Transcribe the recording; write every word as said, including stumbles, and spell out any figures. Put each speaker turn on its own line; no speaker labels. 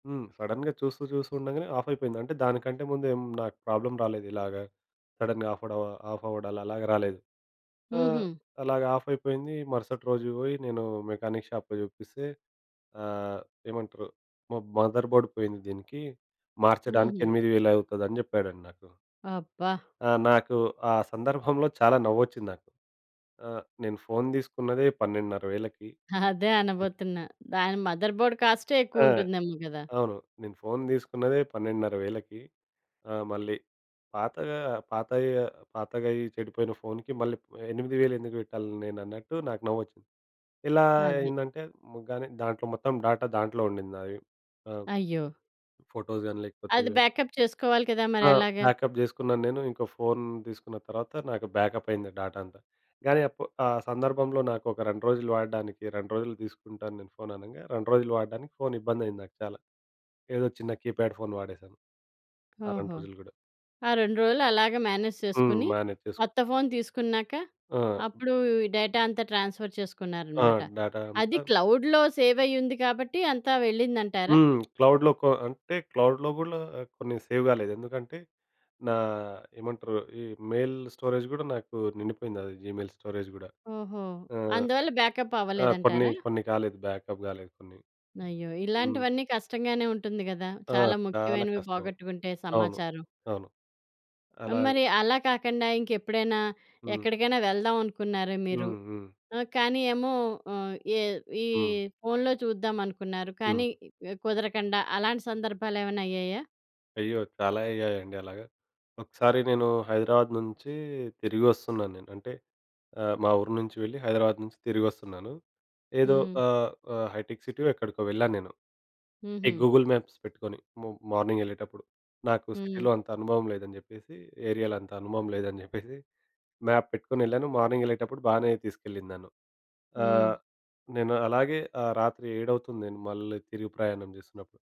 హ్మ్. సడెన్‌గా చూస్తూ చూస్తూ ఉండగానే ఆఫ్ అయిపోయింది. అంటే దానికంటే ముందు నాకు ప్రాబ్లమ్ రాలేదు ఇలాగా సడెన్‌గా ఆఫ్ అవడ ఆఫ్ అవ్వడాలు అలాగా రాలేదు. ఆహ్,
హుహు.
అలాగ ఆఫ్ అయిపోయింది. మరుసటి రోజు పోయి నేను మెకానిక్ షాప్‌లో చూపిస్తే. ఆహ్, ఏమంటారు. మ మదర్ బోర్డ్ పోయింది. దీనికి మార్చడానికి
హుహు.
ఎనిమిది వేలు అవుతుదని చెప్పాడండి నాకు.
అబ్బా!
ఆ నాకు ఆ సందర్భంలో చాలా నవ్వొచ్చింది నాకు. ఆహ్, నేను ఫోను తీసుకున్నదే పన్నెండున్నర వేలకి
అదే అనబోతున్నా. దాని మదర్ బోర్డ్ కాస్టే
ఆ!
ఎక్కువ ఉంటుందేమో కదా!
అవును. నేను ఫోను తీసుకున్నదే పన్నెండున్నర వేలకి ఆ! మళ్ళీ పాతగా పాత పాతగా అయ్యి చెడిపోయిన ఫోన్‌కి మళ్ళీ ఎనిమిది వేలు ఎందుకు పెట్టాలి, నేను అన్నట్టు నాకు నవ్వొచ్చింది. ఇలా
అది.
అయిందంటే, కానీ దాంట్లో మొత్తం డాటా దాంట్లో ఉండింది నాది. ఆ!
అయ్యో!
ఫోటోస్ గాని లేకపోతే
అది బాకప్ చేసుకోవాలి కదా! మరి
ఆ!
ఎలాగా?
బాకప్ చేసుకున్నాను నేను, ఇంకో ఫోను తీసుకున్న తర్వాత నాకు బాకప్ అయ్యింది డేటా అంతా. కానీ అప్పు ఆ సందర్భంలో నాకు ఒక రెండు రోజులు వాడడానికి రెండు రోజులు తీసుకుంటాను నేను ఫోను అనంగా రెండు రోజులు వాడడానికి ఫోను ఇబ్బంది అయింది నాకు. చాలా. ఏదో చిన్న కీప్యాడ్ ఫోన్ వాడేశాను ఆ రెండు
ఓహో!
రోజులు కూడా.
ఆ రెండు రోజులు అలాగా మేనేజ్
హ్మ్.
చేసుకొని,
బానే తీసుకు
కొత్త ఫోను తీసుకున్నాక,
ఆ!
అప్పుడు ఈ డేటా అంతా ట్రాన్స్‌ఫర్
ఆ!
చేసుకున్నారన్నమాట.
డేటా
అది
అంతా
క్లౌడ్‌లో సేవ్ అయ్యి ఉంది కాబట్టి అంతా వెళ్ళిందంటారా?
హ్మ్. క్లౌడ్‌లో కో అంటే క్లౌడ్‌లో కూలా కొన్ని సేవ్ కాలేదు. ఎందుకంటే, నా ఏమంటారు ఈ మెయిల్ స్టోరేజ్ కూడా నాకు నిండిపోయింది. జీమెయిల్ స్టోరేజ్ గూడా
ఓహో!
ఆహ్,
అందువల్ల బాకప్
ఆ! కొన్ని
అవ్వలేదంటారా?
కొన్ని కాలేదు. బాకప్ కాలేదు కొన్ని.
అయ్యో!
హ్మ్.
ఇలాంటివన్నీ కష్టంగానే ఉంటుంది కదా!
ఆ!
చాలా
చాలా
ముఖ్యమైనవి
కష్టం.
పోగొట్టుకుంటే
అవును.
సమాచారం.
అవును. అలాగే
మరి అలా కాకండా ఇంకెప్పుడైనా,
హ్మ్.
ఎక్కడికైనా వెళ్దాం అనుకున్నారా మీరు?
హ్మ్. హ్మ్.
ఆ కానీ ఏమో ఆ! ఈ ఈ
హ్మ్.
ఫోనులో చూద్దాం అనుకున్నారు.
హ్మ్.
కానీ కుదరకండా అలాంటి సందర్భాలు ఏమైనా అయ్యాయా?
అయ్యో! చాలా అయ్యాయండి అలాగా. ఒకసారి నేను హైదరాబాదు నుంచి తిరిగి వస్తున్నాను నేను. అంటే ఆహ్, మా ఊరు నుంచి వెళ్ళి హైదరాబాదు నుంచి తిరిగి వస్తున్నాను. ఏదో
హ్మ్.
ఆహ్, ఆహ్, హైటెక్ సిటీ ఎక్కడికో వెళ్ళాను నేను. ఈ
హుహు.
గూగుల్ మ్యాప్స్ పెట్టుకొని. మ మార్నింగ్ వెళ్ళేటప్పుడు నాకు
హ్మ్.
సిటీలో అంత అనుభవం లేదని చెప్పేసి, ఏరియాలో అంత అనుభవం లేదని చెప్పేసి మ్యాప్ పెట్టుకొని వెళ్ళాను. మార్నింగ్ ఎళ్ళేటప్పుడు బాగానే తీసుకెళ్లింది నను.
హ్మ్.
ఆహ్, నేను అలాగే ఆహ్, రాత్రి ఏడవుతుంది. నేను మళ్ళీ తిరిగి ప్రయాణం చేసినప్పుడు.